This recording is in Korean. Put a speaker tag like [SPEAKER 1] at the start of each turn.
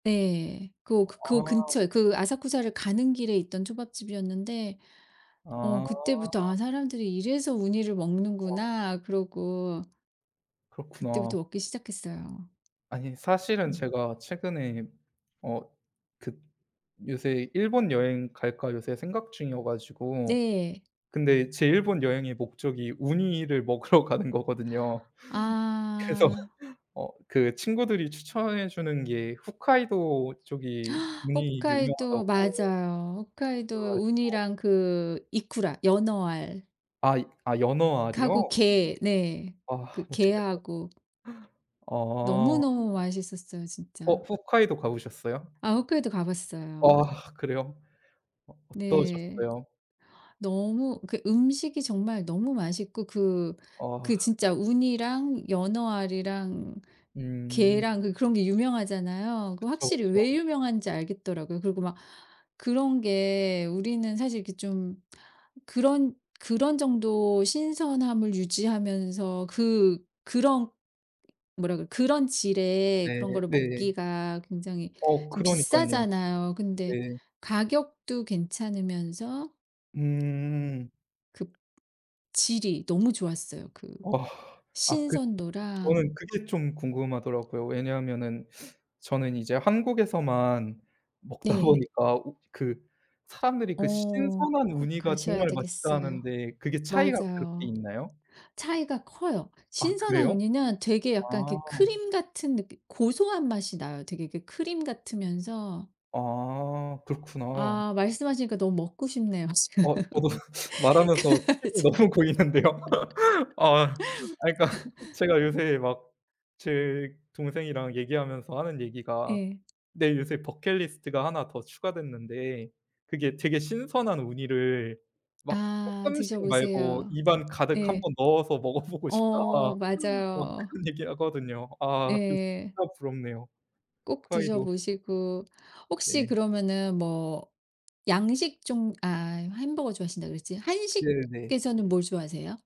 [SPEAKER 1] 네. 그 그
[SPEAKER 2] 아.
[SPEAKER 1] 근처에 그 아사쿠사를 가는 길에 있던 초밥집이었는데 어
[SPEAKER 2] 아.
[SPEAKER 1] 그때부터 '아 사람들이 이래서 우니를
[SPEAKER 2] 어.
[SPEAKER 1] 먹는구나.' 그러고
[SPEAKER 2] 그렇구나.
[SPEAKER 1] 그때부터 먹기 시작했어요.
[SPEAKER 2] 아니 사실은
[SPEAKER 1] 음.
[SPEAKER 2] 제가 최근에 어 그 요새 '일본 여행 갈까?' 요새 생각 중이어 가지고
[SPEAKER 1] 네.
[SPEAKER 2] 근데 제 일본 여행의 목적이 우니를 먹으러 가는 거거든요. 그래서
[SPEAKER 1] 아.
[SPEAKER 2] 어 그 친구들이 추천해 주는 게 홋카이도 쪽이 우니
[SPEAKER 1] 홋카이도
[SPEAKER 2] 유명하다고
[SPEAKER 1] 맞아요.
[SPEAKER 2] 그래
[SPEAKER 1] 홋카이도에
[SPEAKER 2] 가지고.
[SPEAKER 1] 우니랑 그 이쿠라 연어알
[SPEAKER 2] 아 아 연어
[SPEAKER 1] 하고
[SPEAKER 2] 알이요?
[SPEAKER 1] 게 네.
[SPEAKER 2] 아
[SPEAKER 1] 그
[SPEAKER 2] 맛있겠다.
[SPEAKER 1] 게하고.
[SPEAKER 2] 어.
[SPEAKER 1] 너무너무 맛있었어요
[SPEAKER 2] 어
[SPEAKER 1] 진짜.
[SPEAKER 2] 홋카이도 가 보셨어요?
[SPEAKER 1] 아 홋카이도 가 봤어요.
[SPEAKER 2] 아 그래요? 어
[SPEAKER 1] 네.
[SPEAKER 2] 어떠셨어요?
[SPEAKER 1] 너무 그러니까 음식이 정말 너무 맛있고 그
[SPEAKER 2] 어.
[SPEAKER 1] 그 진짜 우니랑 연어알이랑
[SPEAKER 2] 음.
[SPEAKER 1] 게랑 그 그런 게 유명하잖아요. 그
[SPEAKER 2] 그쵸,
[SPEAKER 1] 확실히
[SPEAKER 2] 그쵸.
[SPEAKER 1] 왜 유명한지 알겠더라고요. 그리고 막 그런 게 우리는 사실 이렇게 좀 그런 그런 정도 신선함을 유지하면서 그 그런 뭐라 그래 그런 질의
[SPEAKER 2] 네
[SPEAKER 1] 그런 거를
[SPEAKER 2] 네.
[SPEAKER 1] 먹기가 굉장히
[SPEAKER 2] 어
[SPEAKER 1] 좀
[SPEAKER 2] 그러니깐요.
[SPEAKER 1] 비싸잖아요. 근데
[SPEAKER 2] 네.
[SPEAKER 1] 가격도 괜찮으면서
[SPEAKER 2] 음.
[SPEAKER 1] 그 질이 너무 좋았어요. 그
[SPEAKER 2] 아, 아 그 저는
[SPEAKER 1] 신선도랑
[SPEAKER 2] 그게 좀 궁금하더라고요. 왜냐하면은 저는 이제 한국에서만 먹다
[SPEAKER 1] 네.
[SPEAKER 2] 보니까 우 그 사람들이 그
[SPEAKER 1] 어
[SPEAKER 2] "신선한
[SPEAKER 1] 꼭
[SPEAKER 2] 우니가
[SPEAKER 1] 가셔야
[SPEAKER 2] 정말 맛있다."
[SPEAKER 1] 되겠어요.
[SPEAKER 2] 하는데 그게 차이가 그렇게
[SPEAKER 1] 맞아요.
[SPEAKER 2] 있나요?
[SPEAKER 1] 차이가 커요.
[SPEAKER 2] 아
[SPEAKER 1] 신선한
[SPEAKER 2] 그래요?
[SPEAKER 1] 우니는 되게 약간 이렇게
[SPEAKER 2] 아
[SPEAKER 1] 크림 같은 느낌 고소한 맛이 나요. 되게 이렇게 크림 같으면서
[SPEAKER 2] 아 그렇구나.
[SPEAKER 1] 아 말씀하시니까 너무 먹고 싶네요 지금
[SPEAKER 2] 어 저도 말하면서 침이
[SPEAKER 1] 갑자기.
[SPEAKER 2] 너무 고이는데요. 아 아 그러니까 제가 요새 막 제 동생이랑 얘기하면서 하는 얘기가
[SPEAKER 1] 예.
[SPEAKER 2] "내 요새 버킷리스트가 하나 더 추가됐는데 그게 되게 신선한 우니를 막
[SPEAKER 1] 아
[SPEAKER 2] 쪼끔씩 말고
[SPEAKER 1] 드셔보세요.
[SPEAKER 2] 입안 가득 1
[SPEAKER 1] 네.
[SPEAKER 2] 번 넣어서 먹어보고 싶다."
[SPEAKER 1] 어
[SPEAKER 2] 막
[SPEAKER 1] 맞아요.
[SPEAKER 2] 그런 얘기하거든요. 아 그
[SPEAKER 1] 예.
[SPEAKER 2] 진짜 부럽네요.
[SPEAKER 1] 꼭
[SPEAKER 2] 홋카이도.
[SPEAKER 1] 드셔보시고 혹시
[SPEAKER 2] 네.
[SPEAKER 1] 그러면은 뭐 양식 종 아 햄버거 좋아하신다고 그랬지.
[SPEAKER 2] 네네네.
[SPEAKER 1] 한식에서는 뭘 좋아하세요?